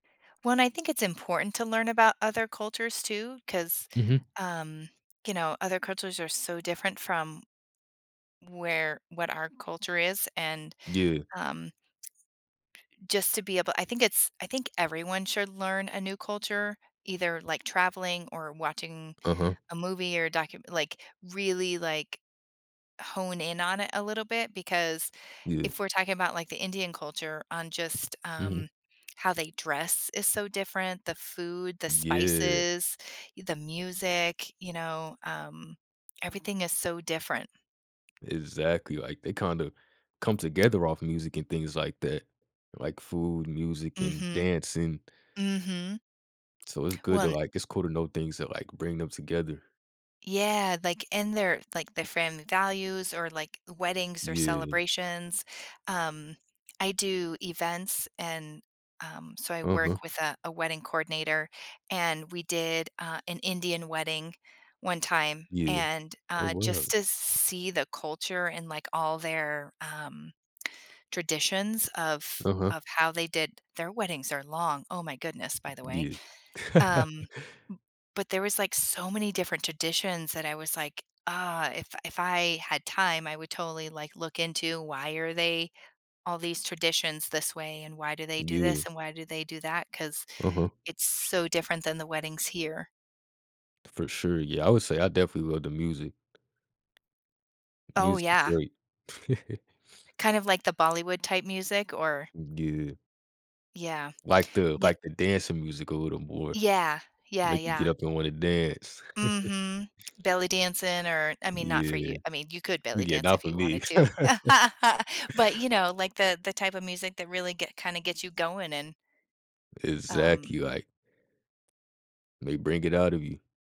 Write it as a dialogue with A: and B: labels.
A: When I think it's important to learn about other cultures too, 'cause,
B: Mhm.
A: um, you know, other cultures are so different from where what our culture is, and,
B: Yeah.
A: um, just to be able I think it's I think everyone should learn a new culture, either, like, traveling or watching
B: Uh-huh.
A: a movie or a docum like really, like, hone in on it a little bit, because,
B: Yeah.
A: if we're talking about, like, the Indian culture on just,
B: Mhm.
A: um, how they dress is so different, the food, the
B: Yeah.
A: spices, u the music, you know, um, everything is so different.
B: Exactly, like, they kinda come together off music and things like that, like food, music, and
A: Mhm.
B: dancing.
A: Mhm.
B: So, it's good to,
A: Wan
B: like it's cool to know things that, like, bring them together.
A: Yeah, like, in their like, their family values or, like, weddings or
B: Yeah.
A: celebrations. Um, I do events, and, um, so I work
B: Uh-huh.
A: with, uh, a wedding coordinator, and we did, uh, an Indian wedding 1 time,
B: Yeah.
A: and,
B: Oh,
A: uh, just
B: wow.
A: to s see the culture and, like, all their, um, traditions of
B: Uh-huh.
A: of how they did their weddings are long. Oh my goodness, by the way,
B: Yeah.
A: um, m but there was, like, so many different traditions that I was, like, "Ah, if if I had time, I would totally, like, look into why are they all these traditions this way? And why do they do
B: Yeah.
A: this, and why do they do that?" 'Cause
B: Uh-huh.
A: it's so different than the weddings here.
B: For sure. Yeah. I would say, I definitely love the music. The
A: Oh,
B: music's
A: yeah.
B: great.
A: Kind of like the Bollywood type music or
B: Mm, yeah.
A: Yeah.
B: Like the
A: Ye
B: like the dancing music a little more.
A: Yeah. Yeah,
B: Make you
A: yeah.
B: get up and wanna dance.
A: Mhm. Belly dancing or I mean, not for
B: Yeah.
A: you I mean, you could
B: You
A: belly
B: getting
A: dance
B: off
A: if
B: of
A: you
B: me.
A: wanted to, but, you know, like, the the type of music that really get kinda get you going and Um
B: Exactly, like they bring it out of you.